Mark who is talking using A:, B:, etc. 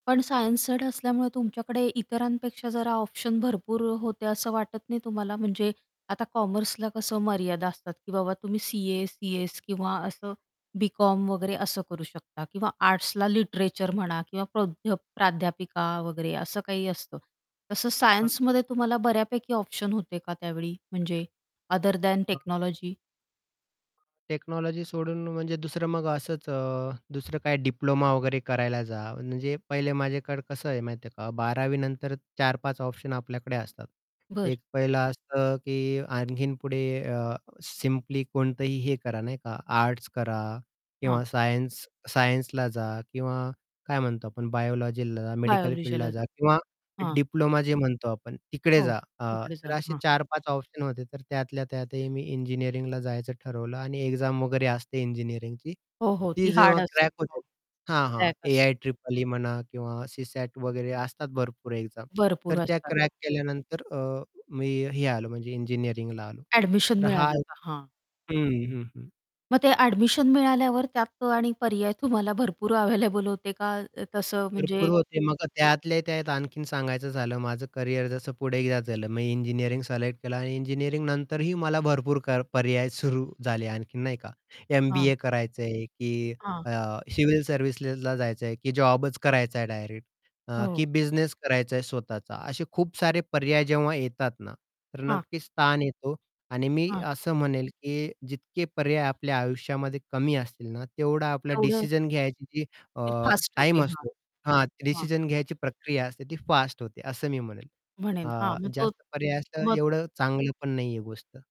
A: पण science side असल्यामुळे तुमच्याकडे इतरांपेक्षा जरा ऑप्शन भरपूर होते, असं वाटत नाही तुम्हाला? म्हणजे आता कॉमर्सला कसं मर्यादा असतात की बाबा तुम्ही सी-ए, सी-एस किंवा असं बी-कॉम वगैरे असं करू शकता किंवा आर्ट्सला लिटरेचर म्हणा किंवा प्रध प्राध्यापिका वगैरे असं काही असतं. तसं
B: [unintelligible]
A: सायन्समध्ये तुम्हाला बऱ्यापैकी ऑप्शन होते का त्यावेळी म्हणजे अदर दॅन
B: हं.
A: टेक्नॉलॉजी?
B: टेक्नॉलॉजी सोडून म्हणजे दुसरं मग असंच अ, दुसरं काही डिप्लोमा वगैरे करायला जा, म्हणजे पहिले माझ्याकडे कसं आहे माहिती आहे का, 12वी नंतर 4-5 ऑप्शन आपल्याकडे असतात,
A: बरं.
B: एक पहिलं असतं की आणखीन पुढे अ, सिंपली कोणतंही हे करा नाही का, आर्ट्स करा
A: हां.
B: किंवा सायन्स सायन्सला जा किंवा काय म्हणतो आपण बायोलॉजीला, मेडिकल फील्डला
A: बायोलॉजिलच.
B: जा किंवा
A: हां
B: डिप्लोमा जे म्हणतो आपण तिकडे
A: हो,
B: जा, आ,
A: तिकडे
B: तर
A: जा,
B: असे
A: हां.
B: 4-5 ऑप्शन होते तर त्यातल्या त्यातही मी इंजिनिअरिंगला जायचं ठरवलं. आणि एक्झाम वगैरे असते इंजिनिअरिंगची,
A: हो, हो,
B: ती
A: ती
B: जेव्हा
A: हार्ड असते.
B: क्रॅक
A: हो,
B: होते, हां, हां.
A: ट्रॅक असतो.
B: ए-आय ट्रिपल ई म्हणा, किंवा सीसॅट वगैरे असतात भरपूर एक्झाम.
A: भरपूर
B: तर त्या
A: असतात.
B: क्रॅक केल्यानंतर अ, मी अ, हे आलो, म्हणजे इंजिनिअरिंगला आलो,
A: ॲडमिशन
B: तर हा
A: मिळालं का, हां.
B: हं, हं, हं.
A: मग ते ॲडमिशन मिळाल्यावर त्यात आणि पर्याय तुम्हाला भरपूर अवेलेबल होते का, तसं
B: भरपूर
A: म्हणजे
B: होते, मग त्यातल्या त्यात आणखीन सांगायचं झालं माझं कॅरियर जसं पुढे एकदा झालं, मी इंजिनिअरिंग सिलेक्ट केलं आणि इंजिनिअरिंग नंतरही मला भरपूर क पर्याय सुरू झाले आणखीन नाही का.
A: हां.
B: एम-बी-ए करायचं आहे की
A: हां.
B: अ, सिविल सर्व्हिसेसला जायचं आहे, की जॉबच करायचा आहे डायरेक्ट. अ,
A: हो.
B: की बिझनेस करायचा आहे स्वतःचा असे खूप सारे पर्याय जेव्हा येतात ना, तर
A: हां.
B: नक्कीच स्थान येतो आणि मी
A: हां.
B: असं म्हणेन की जितके पर्याय आपल्या आयुष्यामध्ये कमी असतील ना तेवढा आपल्याला
A: तेवढं
B: डिसिजन घ्यायची अ,
A: [unintelligible] फास्ट होते.
B: टाईम
A: हां,
B: असतो हा
A: हां.
B: डिसिजन घ्यायची प्रक्रिया असते, ती फास्ट होते असं मी म्हणेन,
A: म्हणेन हां,
B: अ,
A: मग तो
B: जास्त पर्याय असतं
A: मग?
B: एवढं चांगलं पण नाही आहे गोष्ट.